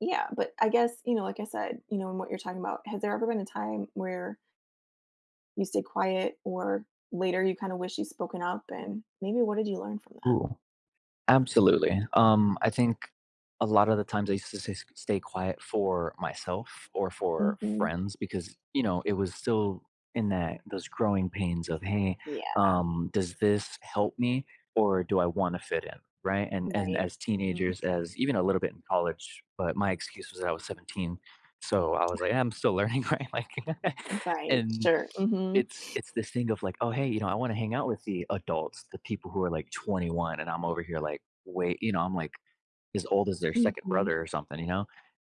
Yeah, but I guess, you know, like I said, you know, and what you're talking about, has there ever been a time where you stay quiet or later you kind of wish you'd spoken up and maybe what did you learn from that? Ooh, absolutely. Um, I think a lot of the times I used to s s stay quiet for myself or for Mhm. friends because, you know, it was still in that those growing pains of, "Hey, Yeah. um, does this help me or do I want to fit in," right? And and Right, as mhm. teenagers, as even a little bit in college, but my excuse was that I was 17, so I was like, "I'm still learning, right?" Like Right, and sure. Mhm. it's it's this thing of like, "Oh, hey, you know, I want to hang out with the adults, the people who are like 21." And I'm over here like, "Wait," you know, I'm like as old as their 2nd Mhm. brother or something, you know,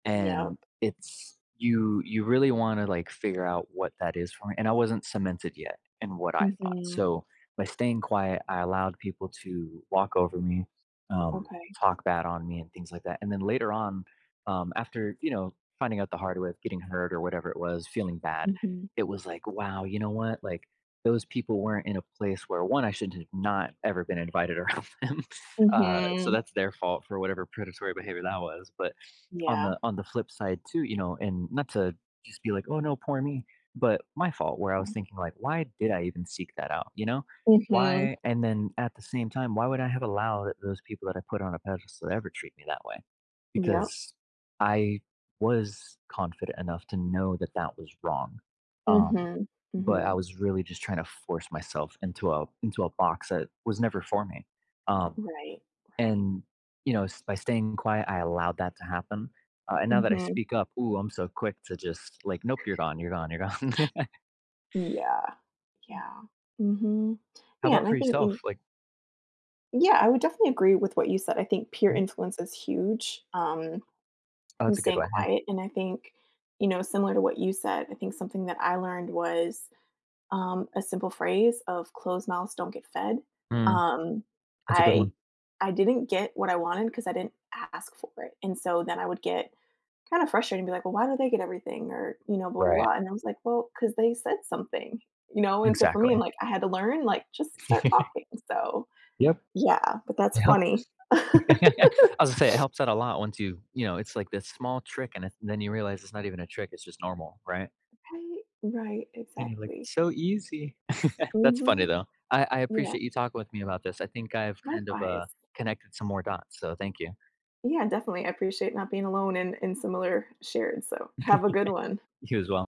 and Yup. it's, you, you really want to like figure out what that is for me and I wasn't cemented yet in what I thought. Mhm. So, by staying quiet, I allowed people to walk over me, um, Okay. talk bad on me and things like that and then later on, um, after, you know, finding out the hard way of getting hurt or whatever it was, feeling bad, Mhm. it was like, wow, you know what, like, those people weren't in a place where, 1, I should have not ever been invited around them. Uh, so Mhm. that's their fault for whatever predatory behavior that was, but on Yeah. the on the flip side too, you know, and not to just be like, "Oh no, poor me," but my fault where I was Oh. thinking like, "Why did I even seek that out?" You know, Mhm. why and then at the same time, why would I have allowed those people that I put on a pedestal to ever treat me that way? Yup. Because I was confident enough to know that that was wrong, um, Mhm, but I mhm. was really just trying to force myself into a into a box that was never for me. Um, Right, right. and, you know, s by staying quiet, I allowed that to happen. Uh, and now that I Mhm. speak up, ooh, I'm so quick to just like, "Nope, you're gone, you're gone, you're gone." Yeah, Mhm. yeah. Mhm. How Yeah, about and I for think yourself? in Like Yeah, I would definitely agree with what you said. I think peer Mhm. influence is huge, um, Oh, and that's a good staying one, yeah. quiet, and I think, you know, similar to what you said, I think something that I learned was, um, a simple phrase of closed mouths don't get fed, Mm. um, That's a good I one. I didn't get what I wanted 'cause I didn't ask for it, and so then I would get kind of frustrated and be like, "Well, why do they get everything," or, you know, Right. [unintelligible] and I was like, "Well, 'cause they said something," you know, and so for me, I'm Exactly. like, I had to learn, like, just start talking. So, Yep. yeah, but that's Yep, s funny. I was gonna say, it helps out a lot once you, you know, it's like this small trick and then you realize it's not even a trick, it's just normal, right? Right, right, And you're like, exactly. "It's so easy." That's funny Mhm. though. I I Yeah. appreciate you talking with me about this. I think I've kind of, uh, Likewise. connected some more dots, so thank you. Yeah, definitely, I appreciate not being alone in in similar shared, so have a good one. You as well.